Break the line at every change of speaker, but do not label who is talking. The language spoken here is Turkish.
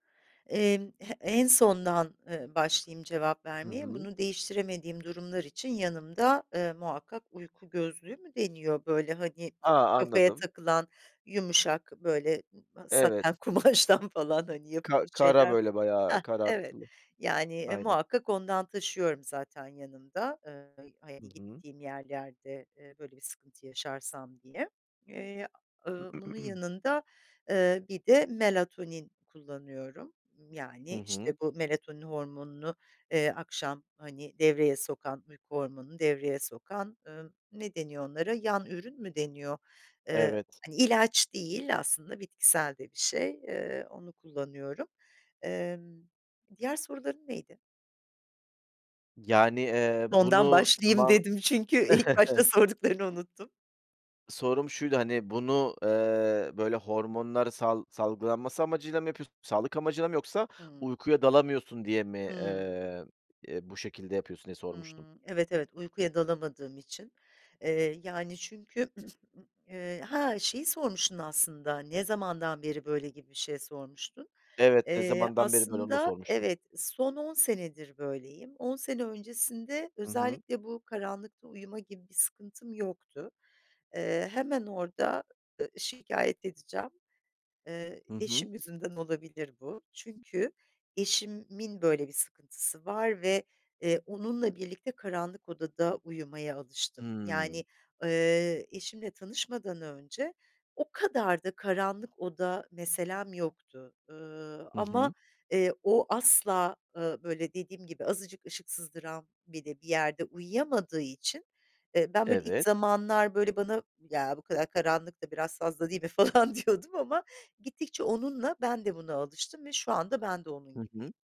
Emm, he en sondan, emm, başlayayım cevap
Hı
vermeye,
hı.
bunu değiştiremediğim durumlar için yanımda, eee, muhakkak uyku gözlüğü mü deniyor? Böyle, hani,
A!
kafaya
Anladım.
takılan yumuşak, böyle,
Evet.
saten kumaştan falan, hani,
Ka
yapılmış
kara,
şeyler
böyle, bayağı
Hah, evet.
karartılı.
Yani, e,
Aynen.
muhakkak ondan taşıyorum zaten yanımda, eee, [unintelligible]
Hı
hani,
hı.
gittiğim yerlerde, eee, böyle, bir sıkıntı yaşarsam diye. Eee, ııı, bunun yanında, eee, bir de melatonin kullanıyorum. Imm,
Hı
yani,
hı.
işte, bu melatonin hormonunu, eee, akşam, hani, devreye sokan, uyku hormonunu devreye sokan, ımm, ne deniyor onlara, yan ürün mü deniyor? Eee,
Evet.
hani, ilaç değil aslında bitkisel de bir şey, eee, onu kullanıyorum. Emm, diğer soruların neydi?
Yani, eee,
"Sondan
bunu
başlayayım."
tamam
dedim çünkü ilk başta sorduklarını unuttum.
Sorum şuydu, hani, "Bunu, eee, böyle, hormonlar sal salgılanması amacıyla mı yapıyorsun? Sağlık amacıyla mı yoksa
Hıı.
uykuya dalamıyorsun diye mi,
Hımm.
eee, eee, bu şekilde yapıyorsun?" diye sormuştum.
Hımm, evet, evet uykuya dalamadığım için. Eee, yani, çünkü Eee, ha, şeyi sormuştun aslında, "Ne zamandan beri böyle?" gibi bir şey sormuştun.
Evet, "Ne
Eee,
zamandan beri böyle?" onu da
aslında
sormuştum.
evet, son 10 senedir böyleyim. 10 sene öncesinde
Hı hı.
özellikle bu karanlıkta uyuma gibi bir sıkıntım yoktu. Eee, hemen orada, ııı, şikayet edeceğim, eee,
Hı hı.
eşim yüzünden olabilir bu çünkü eşimin böyle bir sıkıntısı var ve, eee, onunla birlikte karanlık odada uyumaya alıştım.
Hımm.
Yani, eee, eşimle tanışmadan önce o kadar da karanlık oda meselem yoktu. Iıı,
Hı
ama,
hı.
eee, o asla, ııı, böyle, dediğim gibi azıcık ışık sızdıran bile bir yerde uyuyamadığı için, eee, ben, böyle, ilk
Evet.
zamanlar, böyle, bana, "Ya, bu kadar karanlık da biraz fazla değil mi?" falan diyordum ama gittikçe onunla ben de buna alıştım ve şu anda ben de onun
Hı hı.
gibiyim.